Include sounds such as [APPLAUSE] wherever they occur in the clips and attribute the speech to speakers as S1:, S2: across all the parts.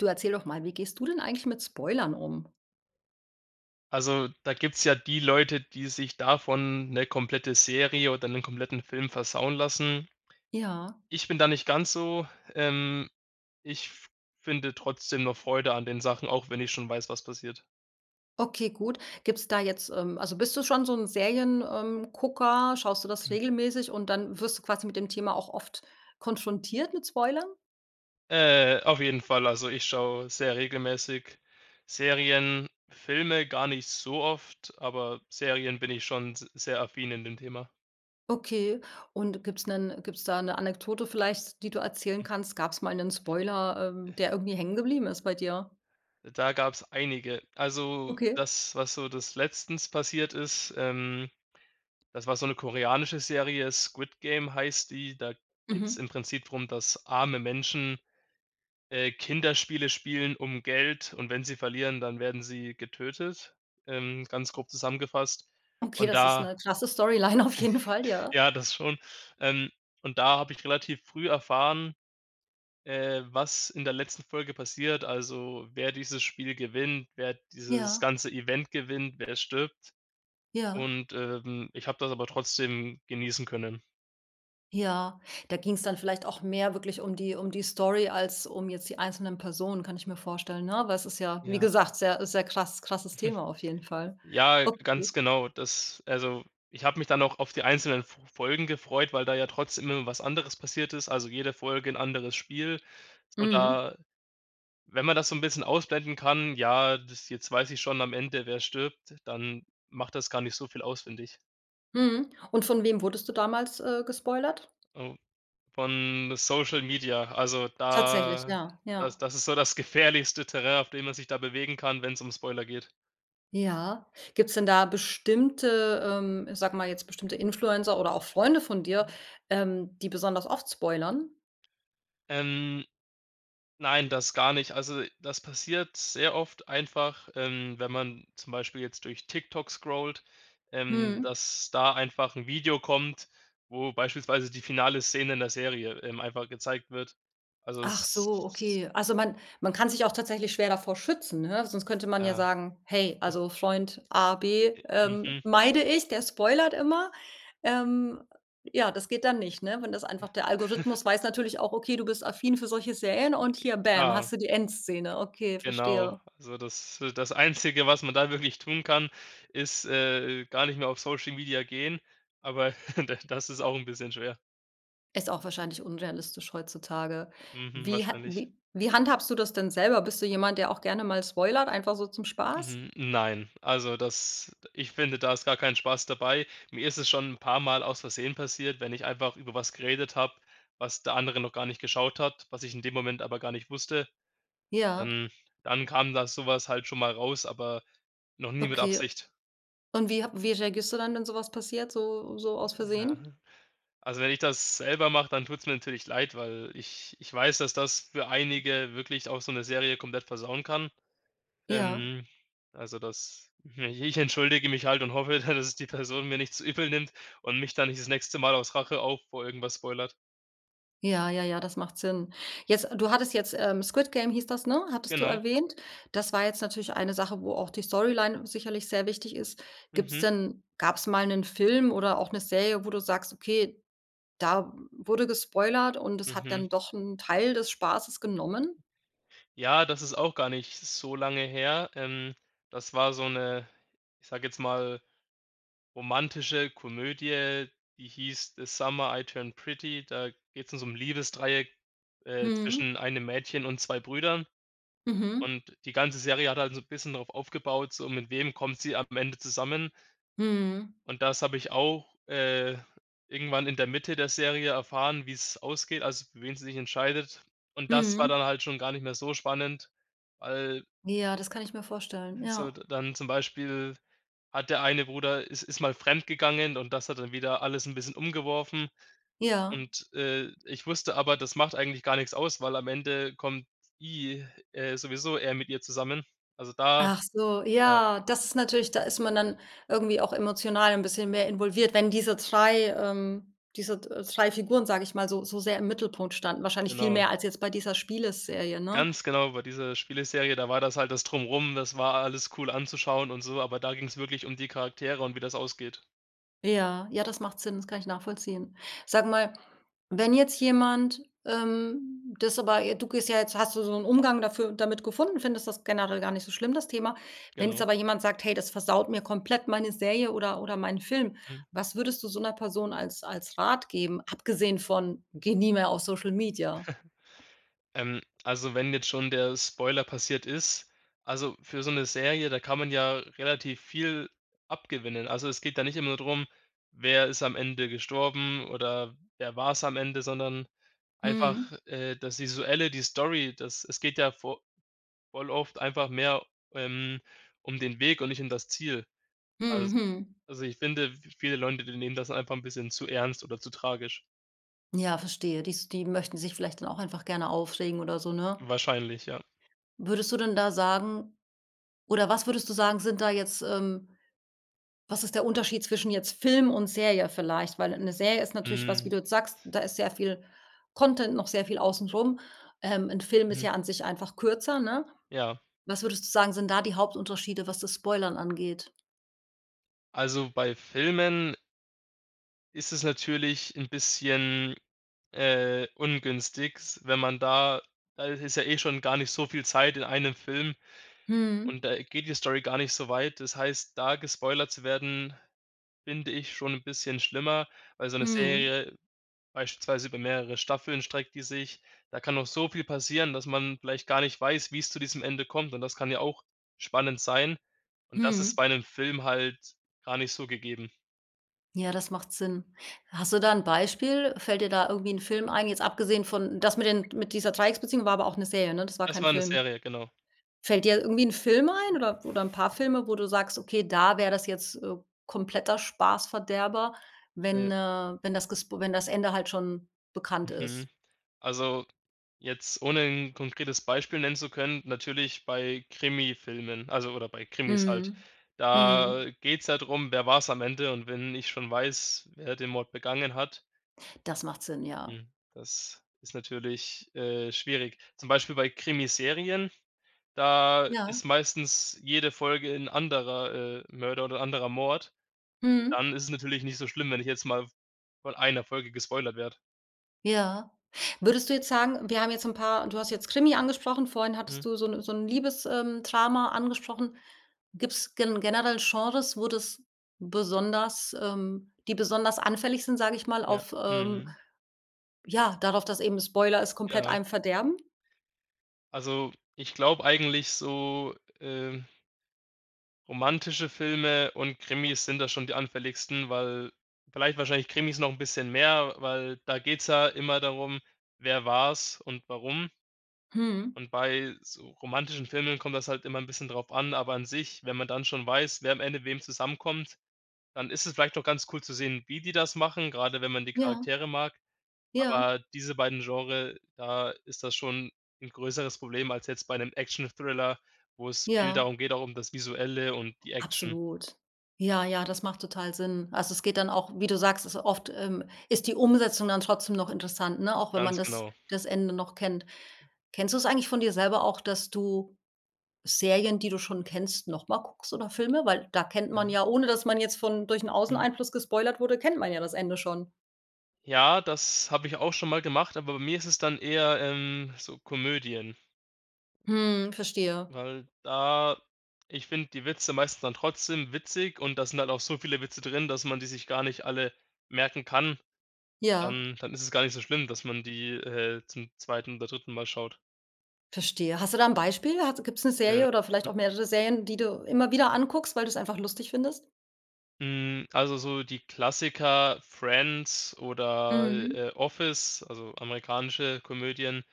S1: Du erzähle doch mal, wie gehst du denn eigentlich mit Spoilern um?
S2: Also, da gibt's ja die Leute, die sich davon 'ne komplette Serie oder 'nen kompletten Film versauen lassen.
S1: Ja.
S2: Ich bin da nicht ganz so. Ähm, ich f finde trotzdem noch Freude an den Sachen, auch wenn ich schon weiß, was passiert.
S1: Okay gut. Gibt's da jetzt ähm, also, bist du schon so 'n Serien ähm, Gucker ähm, schaust du das
S2: [SNORTS]
S1: regelmäßig und dann wirst du quasi mit dem Thema auch oft konfrontiert mit Spoilern?
S2: Äh, auf jeden Fall. Also, ich schaue sehr regelmäßig Serien, Filme gar nicht so oft, aber Serien bin ich schon s sehr affin in dem Thema.
S1: Okay und gibt's 'nen gibt's da 'ne Anekdote vielleicht, die du erzählen
S2: [CHUCKLES]
S1: kannst, gab's mal 'nen Spoiler ähm, der irgendwie hängen geblieben ist bei dir?
S2: Da gab's einige. Also,
S1: Okay.
S2: das, was so das letztens passiert ist, ähm, das war so 'ne koreanische Serie Squid-Game, heißt die. Da
S1: Mhm.
S2: geht's im Prinzip drum, dass arme Menschen, äh, Kinderspiele spielen um Geld und wenn sie verlieren, dann werden sie getötet ähm, ganz grob zusammengefasst.
S1: Okay,
S2: Und
S1: das ist
S2: da
S1: 'ne krasse Storyline auf jeden Fall, ja.
S2: ja, das schon, ähm, und da habe ich relativ früh erfahren, äh, was in der letzten Folge passiert, also, wer dieses Spiel gewinnt, wer dieses
S1: Ja.
S2: ganze Event gewinnt, wer jetzt stirbt.
S1: Ja.
S2: Und, ähm, ich habe das aber trotzdem genießen können.
S1: Ja, da ging's dann vielleicht auch mehr wirklich um die um die Story als um jetzt die einzelnen Personen kann ich mir vorstellen, ne, aber es ist ja wie
S2: Ja.
S1: gesagt sehr sehr krass krasses
S2: [CHUCKLES]
S1: Thema auf jeden Fall.
S2: Ja, ganz
S1: Okay.
S2: genau. Das also, ich habe mich dann auch auf die einzelnen F Folgen gefreut, weil da ja trotzdem immer was anderes passiert ist, also, jede Folge 'n anderes Spiel. So,
S1: Mhm.
S2: da wenn man das so 'n bisschen ausblenden kann, ja, das, „Jetzt weiß ich schon am Ende, wer stirbt“, dann macht das gar nicht so viel aus finde ich.
S1: Mhm, und von wem wurdest du damals, äh, gespoilert?
S2: Oh, von Social-Media, also,
S1: Tatsächlich,
S2: da
S1: ja,
S2: das
S1: ja.
S2: das ist so das gefährlichste Terrain, auf dem man sich da bewegen kann, wenn's um Spoiler geht.
S1: Ja, gibt's denn da bestimmte, ähm ich sage mal jetzt bestimmte Influencer oder auch Freunde von dir,
S2: Mhm.
S1: ähm, die besonders oft spoilern?
S2: Ähm, nein, das gar nicht. Also, das passiert sehr oft einfach, ähm, wenn man zum Beispiel jetzt durch TikTok scrollt, ähm,
S1: Mhm.
S2: dass da einfach 'n Video kommt, wo beispielsweise die finale Szene in der Serie, ähm, einfach gezeigt wird, also
S1: Ach so,
S2: s
S1: okay. Also, man man kann sich auch tatsächlich schwer davor schützen, ne, sonst könnte man ja
S2: Ja.
S1: sagen: „Hey also, Freund, A, B,
S2: I
S1: ähm,
S2: mhm.
S1: meide ich, der spoilert immer.“ Ähm, ja, das geht dann nicht, ne, wenn das
S2: Ja.
S1: einfach der
S2: [CHUCKLES]
S1: Algorithmus weiß natürlich auch: Okay du bist affin für solche Serien und hier, Bäm,
S2: Klar.
S1: hast du die Endszene, okay,
S2: Genau,
S1: verstehe.
S2: also, das äh, das Einzige, was man da wirklich tun kann, ist, äh, gar nicht mehr auf Social Media gehen, aber [CHUCKLES] da das ist auch 'n bisschen schwer.
S1: Ist auch wahrscheinlich unrealistisch heutzutage.
S2: Mhm,
S1: Wie ha
S2: wahrscheinlich.
S1: wie wie handhabst du das denn selber? Bist du jemand, der auch gerne mal spoilert, einfach so zum Spaß?
S2: Hm, nein, also, das ich finde, da ist gar keinen Spaß dabei. Mir ist es schon 'n paarmal aus versehen passiert, wenn ich einfach über etwas geredet habe, was der andere noch gar nicht geschaut hat, was ich in dem Moment aber gar nicht wusste.
S1: Ja.
S2: Ähm, dann kam da sowas halt schon mal raus, aber noch nie mit
S1: Okay.
S2: Absicht.
S1: Und wie h wie reagierst du dann, wenn so was passiert, so so aus
S2: Ja,
S1: versehen?
S2: also, wenn ich das selber mache, dann tut's mir natürlich leid, weil ich ich weiß, dass das für einige wirklich auch so 'ne Serie komplett versauen kann.
S1: Ja.
S2: Ähm, also, das i ich entschuldige mich halt und hoffe, dass es die Person mir nicht zu übel nimmt und mich dann nicht das nächste Mal aus Rache auch vor irgendetwas spoilert.
S1: Ja, ja, ja, das macht Sinn. Jetzt du hattest jetzt, ähm Squid Game hieß das, ne, hattest du
S2: Genau.
S1: erwähnt. Das war jetzt natürlich eine Sache, wo auch die Storyline sicherlich sehr wichtig ist. Gibt's
S2: Mhm.
S1: denn gab's mal 'nen Film oder auch 'ne Serie, wo du sagst: „Okay, da wurde gespoilert und es hat
S2: Mhm.
S1: dann doch 'n Teil des Spaßes genommen“?
S2: Ja, das ist auch gar nicht so lange her. Ähm, das war so 'ne, ich sage jetzt mal, romantische Komödie, die hieß „The Summer I Turned Pretty“, da geht's um so 'n Liebesdreieck, äh,
S1: Mhm.
S2: zwischen einem Mädchen und 2 Brüdern
S1: Mhm.
S2: und die ganze Serie hat halt so 'n bisschen drauf aufgebaut, so: Mit wem kommt sie am Ende zusammen?
S1: Mhm.
S2: Und das habe ich auch, äh, irgendwann in der Mitte der Serie erfahren, wie's ausgeht, also, für wen sie sich entscheidet und das war
S1: Mhm.
S2: dann halt schon gar nicht mehr so spannend, weil
S1: Ja, das kann ich mir vorstellen,
S2: es
S1: ja.
S2: sollte dann zum Beispiel hat der eine Bruder is ist mal fremdgegangen und das hat dann wieder alles 'n bisschen umgeworfen
S1: Ja.
S2: und, äh, ich wusste aber, das macht eigentlich gar nix aus, weil am Ende kommt i äh, sowieso er mit ihr zusammen. Also, da
S1: Ach so,
S2: ja.
S1: ja. Das ist natürlich da ist man dann irgendwie auch emotional 'n bisschen mehr involviert, wenn diese 3 ähm, diese d 3 Figuren sage ich mal so so sehr im Mittelpunkt standen. wahrscheinlich viel
S2: Genau.
S1: mehr als jetzt bei dieser Spieleserie, ne?
S2: Ganz genau, bei dieser Spieleserie, da war das halt das Drumherum. Das war alles cool anzuschauen und so, aber da ging's wirklich die Charaktere und wie das ausgeht.
S1: Ja, ja das macht Sinn das kann ich nachvollziehen. Sag mal wenn jetzt jemand, ähm, das aber j du gehst ja jetzt hast du so 'n Umgang dafür damit gefunden, findest das generell gar nicht so schlimm das Thema. Wenn jetzt
S2: Genau.
S1: aber jemand sagt: „Hey, das versaut mir komplett meine Serie oder oder meinen Film“,
S2: Mhm.
S1: was würdest du so 'ner Person als als Rat geben, abgesehen von: „Geh nie mehr auf Social-Media.“?
S2: [CHUCKLES] Ähm, also, wenn jetzt schon der Spoiler passiert ist, also, für so 'ne Serie, da kann man ja relativ viel abgewinnen. Also, es geht da nicht immer nur drum, wer ist am Ende gestorben oder wer war's am Ende, sondern einfach,
S1: Mhm.
S2: äh, das visuelle, die Story, das es geht ja vo voll oft einfach mehr, ähm, um den Weg und nicht um das Ziel. Als
S1: Mhm, hm.
S2: also, ich finde, v viele Leute, die nehmen das einfach 'n bisschen zu ernst oder zu tragisch.
S1: Ja verstehe dies die möchten sich vielleicht dann auch einfach gerne aufregen oder so, ne?
S2: Wahrscheinlich, ja.
S1: Würdest du denn da sagen oder was würdest du sagen sind da jetzt, ähm Was ist der Unterschied zwischen jetzt Film und Serie vielleicht, weil 'ne Serie ist natürlich was wie
S2: Mhm.
S1: du jetzt sagst, da ist sehr viel Content noch sehr viel außen rum. Ähm, 'n Film ist
S2: Mhm.
S1: ja an sich einfach kürzer, ne,
S2: Ja.
S1: was würdest du sagen sind da die Hauptunterschiede was das Spoilern angeht?
S2: Also, bei Filmen ist es natürlich 'n bisschen, äh, ungünstig, wenn man da da ist es ja eh schon gar nicht so viel Zeit in einem Film
S1: Mhm.
S2: und da geht die Story gar nicht so weit. Das heißt, da gespoilert zu werden, finde ich schon 'n bisschen schlimmer, weil so 'ne
S1: Mhm.
S2: Serie beispielsweise über mehrere Staffeln streckt die sich. Da kann noch so viel passieren, dass man vielleicht gar nicht weiß, wie's zu diesem Ende kommt und das kann ja auch spannend sein und das ist
S1: Mhm.
S2: bei 'nem Film halt gar nicht so gegeben.
S1: Ja, das macht Sinn. Hast du da 'n Beispiel? Fällt dir da irgendwie 'n Film ein, jetzt abgesehen von das mit den, mit dieser Dreiecksbeziehungen, war aber auch 'ne Serie, ne? Das war
S2: Das
S1: kein
S2: war 'ne
S1: Film.
S2: Serie, genau.
S1: Fällt dir irgendwie 'n Film ein oder oder 'n paar Filme, wo du sagst: „Okay, da wäre das jetzt, äh, kompletter Spaßverderber“,
S2: Ne.
S1: wenn äh, wenn das gesp wenn das Ende halt schon bekannt ist.
S2: Mhm, also, jetzt ohne 'n konkretes Beispiel nennen zu können, natürlich bei Krimifilmen, also oder bei Krimis halt.
S1: Mhm. Mhm.
S2: Da geht's ja drum, wer war's am Ende und wenn ich schon weiß, wer den Mord begangen hat
S1: Das macht Sinn ja.
S2: hm, das ist natürlich, äh, schwierig. Zum Beispiel bei Krimiserien, da
S1: Ja.
S2: ist meistens jede Folge 'n anderer, äh, Mörder oder 'n anderer Mord.
S1: Mhm.
S2: Dann ist es natürlich nicht so schlimm, wenn ich jetzt mal von einer Folge gespoilert werde.
S1: Ja, würdest du jetzt sagen wir haben jetzt 'n paar du hast jetzt Krimi angesprochen vorhin hattest
S2: Hm.
S1: du so 'ne so 'n Liebes ähm, Drama angesprochen gibt's gen generell Genres wo das besonders ähm, die besonders anfällig sind, sage ich mal,
S2: Ja,
S1: auf ähm,
S2: mhm.
S1: ja, darauf, dass eben Spoiler es komplett
S2: Ja.
S1: einem verderben?
S2: Also, ich glaube eigentlich, so ähm romantische Filme und Krimis sind da schon die anfälligsten, weil vielleicht wahrscheinlich Krimis noch 'n bisschen mehr, weil da geht's ja immer darum, wer war's und warum.
S1: Mhm.
S2: Und bei so romantischen Filmen kommt das halt immer 'n bisschen drauf an, aber an sich, wenn man dann schon weiß, wer am Ende wem zusammenkommt, dann ist es vielleicht doch ganz cool zu sehen, wie die das machen, gerade wenn man die
S1: Ja.
S2: Charaktere mag,
S1: Ja.
S2: aber diese beiden Genre da ist das schon 'n größeres Problem als jetzt bei 'nem Action-Thriller, wo es viel
S1: Ja.
S2: darum geht, auch um das Visuelle und die Action.
S1: Absolut. Ja, ja das macht total Sinn also, es geht dann auch wie du sagst ist oft, ähm, ist die Umsetzung dann trotzdem noch interessant, ne, auch wenn man
S2: Ganz
S1: das
S2: genau.
S1: das Ende noch kennt. Kennst du es eigentlich von dir selber auch dass du Serien, die du schon kennst, noch mal guckst oder Filme? Weil da kennt man
S2: Ja.
S1: ja, ohne dass man jetzt von durch 'n
S2: Mhm.
S1: Außeneinfluss gespoilert wurde, kennt man ja das Ende schon.
S2: Ja, das habe ich auch schon mal gemacht, aber bei mir ist es dann eher, ähm, so Komödien.
S1: Hm, verstehe.
S2: Weil da ich finde die Witze meistens dann trotzdem witzig und das sind halt auch so viele Witze drin, dass man die sich gar nicht alle merken kann,
S1: Ja.
S2: dann dann ist es gar nicht so schlimm, dass man die, äh, zum 2. oder 3. Mal schaut.
S1: Verstehe hast du da 'n Beispiel hat's gibt's 'ne
S2: Ja.
S1: Serie oder vielleicht auch mehrere Serien die du immer wieder anguckst weil du's einfach lustig findest?
S2: Hm, also, so die Klassiker „Friends“ oder,
S1: Mhm.
S2: äh, äh, „Office“, also, amerikanische Komödien,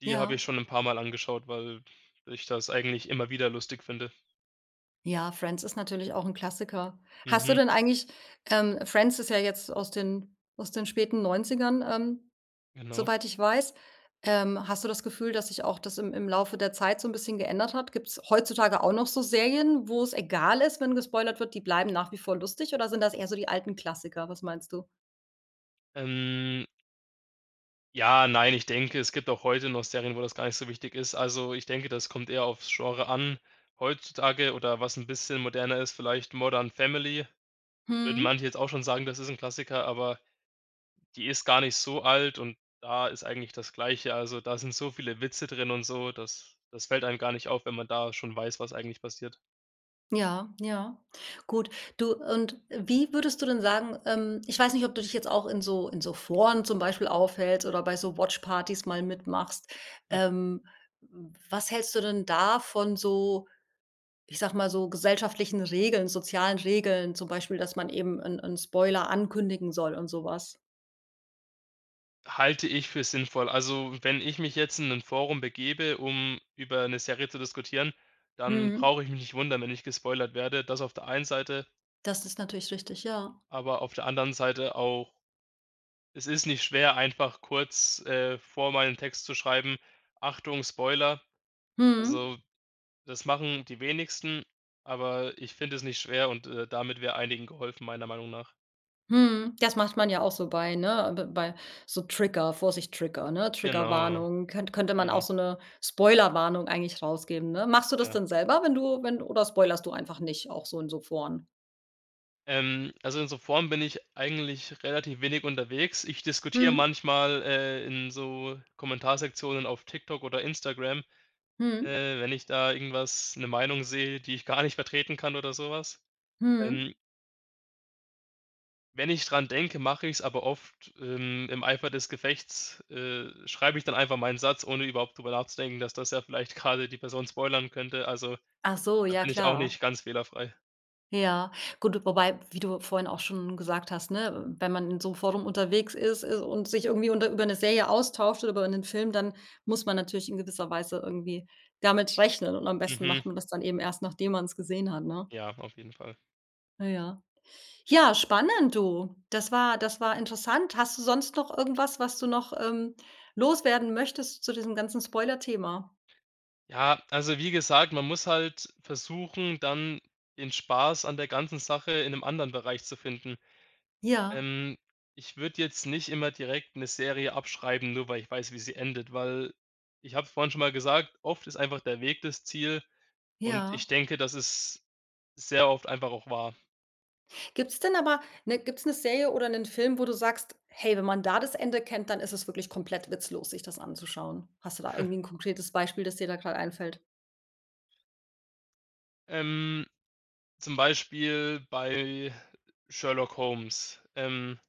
S2: die habe
S1: Ja.
S2: ich schon 'n paarmal angeschaut, weil, ich das eigentlich immer wieder lustig finde.
S1: Ja, „Friends“ ist natürlich auch 'n Klassiker. Hast du
S2: Mhm.
S1: denn eigentlich ähm, „Friends“ ist ja jetzt aus den aus den späten 90ern, ähm,
S2: Genau.
S1: soweit ich weiß. Ähm, hast du das Gefühl, dass sich auch das im im Laufe der Zeit so 'n bisschen geändert hat? Gibt's heutzutage auch noch so Serien, wo's egal ist, wenn gespoilert wird, die bleiben nach wie vor lustig oder sind das eher so die alten Klassiker, was meinst du?
S2: Ähm Ja, nein, ich denke, es gibt auch heute noch Serien, wo das gar nicht so wichtig ist. Also, ich denke, das kommt eher aufs Genre an. Heutzutage oder was 'n bisschen moderner ist, vielleicht „Modern Family“ würden
S1: Mhm.
S2: manche jetzt auch schon sagen, das ist 'n Klassiker, aber die ist gar nicht so alt und da ist eigentlich das Gleiche. Also, da sind so viele Witze drin und so, das das fällt einem gar nicht auf, wenn man da schon weiß, was eigentlich passiert.
S1: Ja, ja, gut. Du und wie würdest du denn sagen ähm, ich weiß nicht, ob du dich jetzt auch in so in so Foren zum Beispiel aufhältst oder bei so Watchpartys mal mitmachst.
S2: [CHUCKLES]
S1: Ähm, was hältst du denn davon so ich sage mal so, gesellschaftlichen Regeln, sozialen Regeln, zum Beispiel, dass man eben 'n 'n Spoiler ankündigen soll und so was?
S2: Halte ich für sinnvoll. Also, wenn ich mich jetzt in 'nem Forum begebe um, über 'ne Serie zu diskutieren, dann
S1: Mhm.
S2: brauche ich mich nicht wundern, wenn ich gespoilert werde, das auf der einen Seite.
S1: Das ist natürlich richtig ja.
S2: Aber auf der anderen Seite auch es nicht schwer einfach kurz, äh, vorher mal 'n Text zu schreiben, „Achtung Spoiler.“
S1: Mhm.
S2: Also, das machen die wenigsten aber ich finde das nicht schwer und, äh, damit wäre einigen geholfen, meiner Meinung nach.
S1: Mhm, das macht man ja auch so bei ne, b bei so Trigger „Vorsicht Trigger“, ne,
S2: Genau,
S1: „Triggerwarnung“ könn könnte man auch
S2: eben.
S1: so 'ne Spoilerwarnung eigentlich rausgeben, ne? Machst du das
S2: Ja.
S1: denn selber, wenn du wenn du oder spoilerst du einfach nicht auch so in so Foren?
S2: Ähm, also, in so Foren bin ich eigentlich relativ wenig unterwegs. Ich diskutiere
S1: Mhm.
S2: manchmal, äh, in so Kommentarsektionen auf Tik-Tok oder Instagram,
S1: Mhm.
S2: äh, wenn ich da irgendwas 'ne Meinung sehe, die ich gar nicht vertreten kann oder so was,
S1: Mhm.
S2: ähm. Wenn ich dran denke, mach ich's, aber oft im im Eifer des Gefechts, äh, schreibe ich dann einfach meinen Satz, ohne überhaupt drüber nachzudenken, dass das ja vielleicht grade die Person spoilern könnte. Also,
S1: Achso,
S2: da
S1: ja
S2: bin ich auch
S1: klar.
S2: nicht ganz fehlerfrei.
S1: Ja, gut, wobei- wie du vorhin auch schon gesagt hast- ne, wenn man in so Forum unterwegs ist und sich irgendwie unter über 'ne Serie austauscht oder über 'nen Film dann muss man natürlich in gewisser Weise irgendwie damit rechnen, und am besten macht
S2: Mhm.
S1: man das dann eben erst nachdem man's gesehen hat, ne?
S2: Ja, auf jeden Fall.
S1: Äh, ja. Ja, spannend, du. Das war das war interessant. Hast du sonst noch irgendwas, was du noch, ähm, loswerden möchtest zu diesem ganzen Spoilerthema?
S2: Ja, also, wie gesagt, man muss halt versuchen, dann den Spaß an der ganzen Sache in 'nem anderen Bereich zu finden.
S1: Ja.
S2: Ähm, ich würde jetzt nicht immer direkt 'ne Serie abschreiben, nur weil ich weiß, wie sie endet, weil ich habe vorhin schon mal gesagt: „Oft ist einfach der Weg das Ziel“ und
S1: Ja.
S2: ich denke, das ist sehr oft einfach auch wahr.
S1: Gibt's denn aber ne, gibt's 'ne Serie oder 'nen Film, wo du sagst: „Hey, wenn man da das Ende kennt, dann ist es wirklich komplett witzlos sich das anzuschauen“? Hast du da
S2: [CHUCKLES]
S1: irgendwie 'n konkretes Beispiel, das dir da gerade einfällt?
S2: Ähm, zum Beispiel bei „Sherlock Holmes“. Ähm,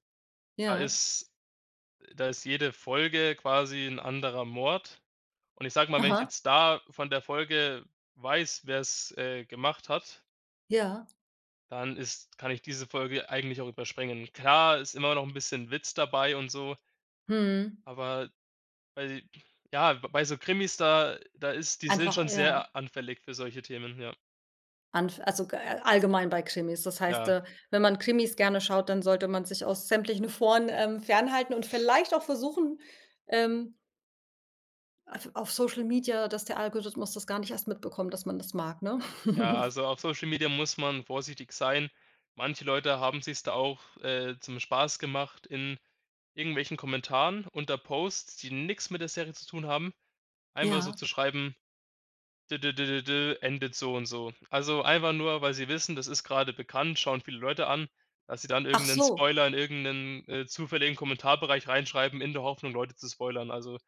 S2: da
S1: Ja.
S2: ist da ist jede Folge quasi 'n anderer Mord, und ich sage mal, wenn ich
S1: Aha.
S2: jetzt da von der Folge weiß, wer's, äh, gemacht hat
S1: Ja.
S2: dann ist kann ich diese Folge eigentlich auch überspringen. Klar, ist immer noch 'n bisschen Witz dabei und so
S1: Mhm.
S2: aber bei ja b bei so Krimis, da da ist die sind
S1: Einfach
S2: schon
S1: ja.
S2: sehr anfällig für solche Themen, ja.
S1: Anf also, g a allgemein bei Krimis? Das heißt,
S2: Ja.
S1: äh, wenn man Krimis gerne schaut, dann sollte man sich aus sämtlichen Foren, ähm, fernhalten und vielleicht auch versuchen, ähm auf auf Social-Media, dass der Algorithmus das gar nicht erst mitbekommt, dass man das mag, ne?
S2: Ja,
S1: [CHUCKLES]
S2: also, auf Social-Media muss man vorsichtig sein. Manche Leute haben sich's da auch, äh, zum Spaß gemacht in irgendwelchen Kommentaren unter Posts, die nix mit der Serie zu tun haben, einfach so
S1: Ja.
S2: zu schreiben: „D d d d d endet so und so.“ Also, einfach nur, weil sie wissen, das ist grade bekannt, schauen viele Leute an, dass sie dann
S1: Ach
S2: irgend 'nen
S1: so.
S2: Spoiler, in irgend 'nen, äh, zufälligen Kommentarbereich reinschreiben, in der Hoffnung, Leute zu spoilern. Also,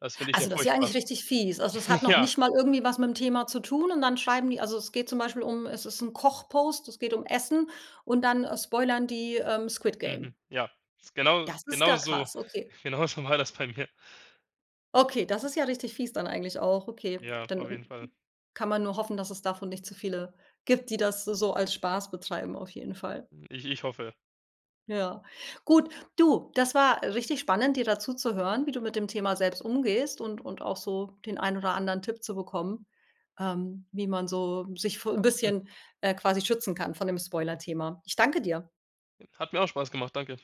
S2: das finde ich ja
S1: Also, das ist ja
S2: furchtbar.
S1: eigentlich richtig fies. Also, es hat noch
S2: Ja.
S1: nicht mal irgendwie was mit 'm Thema zu tun und dann schreiben die also, es geht zum Beispiel um es ist 'n Koch-Post, es geht um Essen und dann, äh, spoilern die, ähm, „Squid-Game“?
S2: Mhm, ja. Ist genau
S1: Das ist ja
S2: genau so.
S1: krass, okay.
S2: Genauso war das bei mir.
S1: Okay, das ist ja richtig fies dann eigentlich auch, okay,
S2: Ja, auf
S1: dann
S2: jeden Fall.
S1: kann man nur hoffen dass es davon nicht zu viele gibt die das so so als Spaß betreiben, auf jeden Fall.
S2: Ich ich hoffe.
S1: Ja gut, du, das war richtig spannend dir da zu zu hören wie du mit dem Thema selbst umgehst und und auch so den ein oder anderen Tipp zu bekommen, ähm, wie man so sich vo
S2: Hm.
S1: bisschen, äh, quasi schützen kann von dem
S2: [UNINTELLIGIBLE]
S1: Spoilerthema. Ich danke dir.
S2: Hat mir auch Spaß gemacht. Danke.